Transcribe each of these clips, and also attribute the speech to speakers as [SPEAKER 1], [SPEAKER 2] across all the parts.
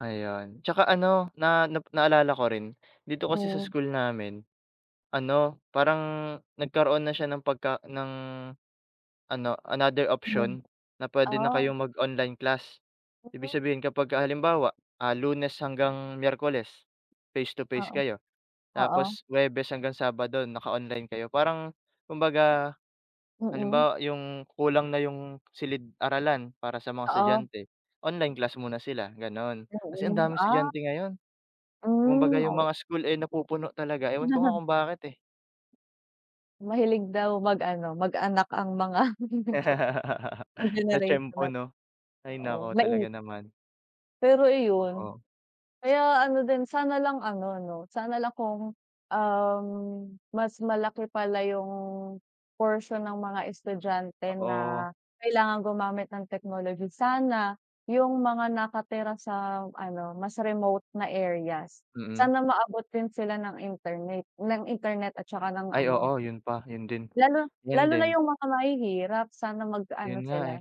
[SPEAKER 1] Ayun, tsaka ano, na na naalala ko rin dito kasi sa
[SPEAKER 2] Oh.
[SPEAKER 1] school namin, ano, parang nagkaroon na siya ng pagka ng ano, another
[SPEAKER 2] Ayun.
[SPEAKER 1] option na puwede na
[SPEAKER 2] Ah.
[SPEAKER 1] kayong mag-online class. Ibig
[SPEAKER 2] [unintelligible]
[SPEAKER 1] sabihin kapagka halimbawa, ah, Lunes hanggang Miyerkules, face to face
[SPEAKER 2] Oo.
[SPEAKER 1] kayo.
[SPEAKER 2] Oo.
[SPEAKER 1] Tapos Huwebes hanggang Sabado naka-online kayo. Parang kumbaga
[SPEAKER 2] Mm.
[SPEAKER 1] halimbawa yung kulang na yung silid-aralan para sa mga
[SPEAKER 2] Oo.
[SPEAKER 1] estudyante, online class muna sila, gano'n. Kasi ang
[SPEAKER 2] Oo,
[SPEAKER 1] daming
[SPEAKER 2] ah.
[SPEAKER 1] estudyante ngayon. Kumbaga
[SPEAKER 2] Hmm,
[SPEAKER 1] yung
[SPEAKER 2] oh.
[SPEAKER 1] mga school, eh, napupuno talaga, ewan ko nga kung bakit, eh.
[SPEAKER 2] Mahilig daw mag-ano, mag anak ang mga joke lang, ang generation
[SPEAKER 1] Natiempo,
[SPEAKER 2] na
[SPEAKER 1] 'no?
[SPEAKER 2] 'to.
[SPEAKER 1] Hay
[SPEAKER 2] Oo,
[SPEAKER 1] naku,
[SPEAKER 2] nait
[SPEAKER 1] talaga naman.
[SPEAKER 2] Pero iyon,
[SPEAKER 1] Oo.
[SPEAKER 2] kaya ano din, sana lang ano, 'no, sana lang kung, um, mas malaki pala yung portion ng mga estudyante na
[SPEAKER 1] Oo.
[SPEAKER 2] kailangan gumamit ng technology. Sana yung mga nakatira sa ano, mas remote na areas,
[SPEAKER 1] Mm.
[SPEAKER 2] sana maabot din sila ng interneyt ng internet at tsaka ng
[SPEAKER 1] Ay,
[SPEAKER 2] ano.
[SPEAKER 1] oo. Yun pa, yun din.
[SPEAKER 2] Lalo
[SPEAKER 1] Yun
[SPEAKER 2] lalo na
[SPEAKER 1] din.
[SPEAKER 2] yung mga mahihirap sana magkaano
[SPEAKER 1] Yun nga,
[SPEAKER 2] sila,
[SPEAKER 1] eh,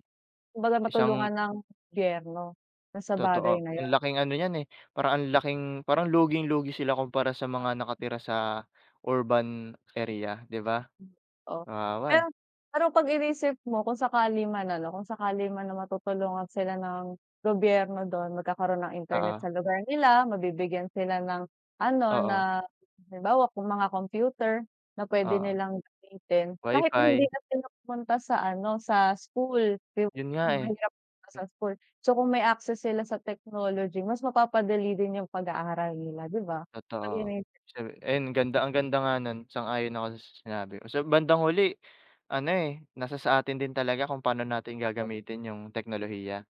[SPEAKER 2] kumbaga
[SPEAKER 1] isang
[SPEAKER 2] matulungan ng gobyerno dun sa bagay
[SPEAKER 1] Totoo.
[SPEAKER 2] na
[SPEAKER 1] Ang
[SPEAKER 2] yun.
[SPEAKER 1] laking ano niyan eh, parang ang laking parang luging-lugi sila kumpara sa mga nakatira sa urban area, di ba?
[SPEAKER 2] Hmm. Oh,
[SPEAKER 1] Kawawa eh.
[SPEAKER 2] ayun. Pero 'pag inisip mo kung sakali man ano, kung sakali man na matutulungan sila ng gobyerno dun, magkakaroon ng internet
[SPEAKER 1] Oo.
[SPEAKER 2] sa lugar nila, mabibigyan sila ng ano,
[SPEAKER 1] Oo.
[SPEAKER 2] na halimbawa mga computer na puwede
[SPEAKER 1] Oo.
[SPEAKER 2] nilang gamitin. Kahit hindi
[SPEAKER 1] Wi-Fi.
[SPEAKER 2] na sila pumunta sa ano, sa school
[SPEAKER 1] Yun nga, eh.
[SPEAKER 2] [unintelligible] mahirap ka
[SPEAKER 1] Hmm.
[SPEAKER 2] sa school. So, kung may access sila sa technology mas mapapadali din yung pag aaral nila, di ba? Ayun na
[SPEAKER 1] Totoo
[SPEAKER 2] yun.
[SPEAKER 1] siyem eh, yun, ganda ang ganda nga nun, sang-ayon ako dun sa sa sinabi mo. Sa bandang huli ano, eh, nasa sa atin din talaga kung paano natin
[SPEAKER 2] Oo.
[SPEAKER 1] gagamitin yung teknolohiya.